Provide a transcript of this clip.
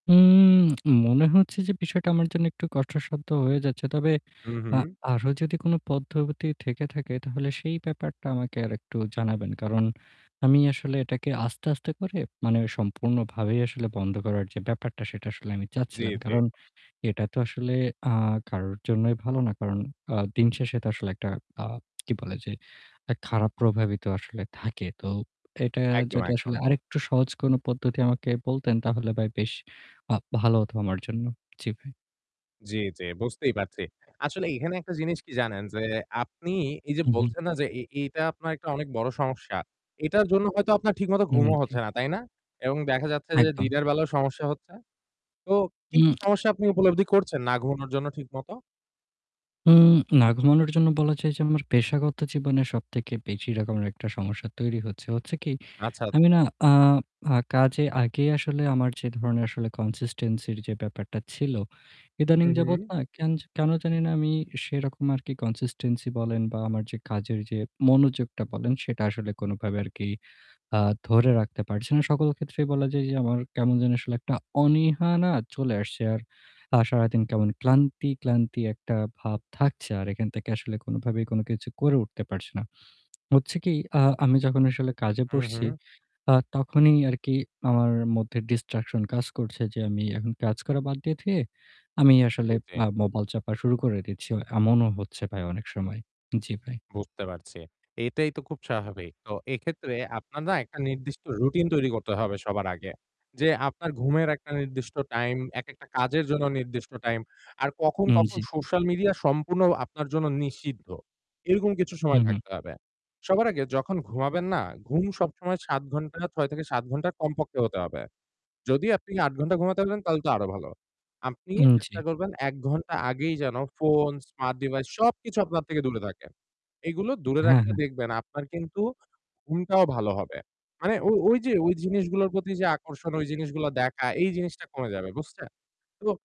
উম মনে হচ্ছে যে বিষয়টা আমার জন্য একটু কষ্টসাধ্য হয়ে যাচ্ছে। তবে আ উহুম। আরও যদি কোন পদ্ধতি থেকে থাকে তাহলে সেই ব্যাপারটা আমাকে আরেকটু জানাবেন। কারণ আমি আসলে এটাকে আস্তে, আস্তে করে মানে সম্পূর্ণভাবেই আসলে বন্ধ করার যে ব্যাপারটা সেটা আসলে আমি জি, চাচ্ছিলাম। জি। কারণ এটা তো আসলে আ কারোর জন্যই ভালো না। কারণ আ দিনশেষে তো আসলে একটা আ কি বলে যে এক খারাপ প্রভাবই তো আসলে থাকে। তো এটা একদম, যদি একদম। আসলে আরেকটু সহজ কোন পদ্ধতি আমাকে বলতেন তাহলে ভাই বেশ আ ভালো হতো আমার জন্য। জি ভাই। জি, জি, বুঝতেই পারছি। আসলে এখানে একটা জিনিস কি জানেন যে, আপনি এই যে উহুম। বলছেন, না যে এই, এইটা আপনার একটা অনেক বড় সমস্যা? এইটার জন্য হয়তো আপনার ঠিকমতো উম ঘুমও জি। হচ্ছে না, তাই না? এবং দেখা যাচ্ছে যে একদম। দিনের বেলাও সমস্যা হচ্ছে। তো কী, কী হুম। সমস্যা আপনি উপলব্ধি করছেন না ঘুমানোর জন্য ঠিকমতো? উম না ঘুমানোর জন্য বলা যায় যে আমার পেশাগত জীবনে সবথেকে বেশি এরকম একটা সমস্যা তৈরি হচ্ছে। হচ্ছে কি, আচ্ছা, আমি আচ্ছা। না আ আ কাজে আগেই আসলে আমার যে ধরনের আসলে consistency যে ব্যাপারটা ছিল এদানীং হুম, যাবত হুম। না কেন জা কেন জানিনা আমি সেরকম আর কি consistency বলেন বা আমার যে কাজের যে মনোযোগটা বলেন সেটা আসলে কোনভাবে আর কি আ ধরে রাখতে পারছি না। সকল ক্ষেত্রেই বলা যায় যে আমার কেমন যেন আসলে একটা অনীহা না চলে আসছে আর আ সারাদিন কেমন ক্লান্তি, ক্লান্তি একটা ভাব থাকছে। আর এখান থেকে আসলে কোনভাবেই কোন কিছু করে উঠতে পারছি না। হচ্ছে কি, আ আমি যখন আসলে কাজে বসছি উহু। আ তখনই আর কি আমার মধ্যে distraction কাজ করছে, যে আমি এখন কাজ করা বাদ দিয়ে, রেখে দিয়ে আমি জি, আসলে জি। মা মোবাইল চাপা শুরু করে দিচ্ছি। অ এমনও হচ্ছে ভাই অনেক সময়। জি ভাই। বুঝতে পারছি। এইটাই তো খুব স্বাভাবিক। তো এক্ষেত্রে আপনার না একটা নির্দিষ্ট routine তৈরি করতে হবে সবার আগে। যে আপনার ঘুমের একটা নির্দিষ্ট time, একেকটা কাজের জন্য নির্দিষ্ট time, আর কখন, উম কখন জি। social media সম্পূর্ণ আপনার জন্য নিষিদ্ধ। এরকম কিছু সময় উহুম। থাকতে হবে। সবার আগে যখন ঘুমাবেন না, ঘুম সবসময় ৭ ঘণ্টা, ৬ থেকে ৭ ঘণ্টা কমপক্ষে হতে হবে। যদি আপনি ৮ ঘণ্টা ঘুমাতে পারেন তাহলে তো আরও ভালো। আপনি উম জি। চেষ্টা করবেন ১ ঘণ্টা আগেই যেন phone, smart device সবকিছু আপনার থেকে দূরে থাকে। এগুলো দূরে হ্যাঁ, রাখলে হ্যাঁ। দেখবেন আপনার কিন্তু ঘুমটাও ভালো হবে। মানে ও ও ঐ যে ঐ জিনিসগুলার প্রতি যে আকর্ষণ, ঐ জিনিসগুলা দেখা এই জিনিসটা কমে যাবে, বুঝছে? তো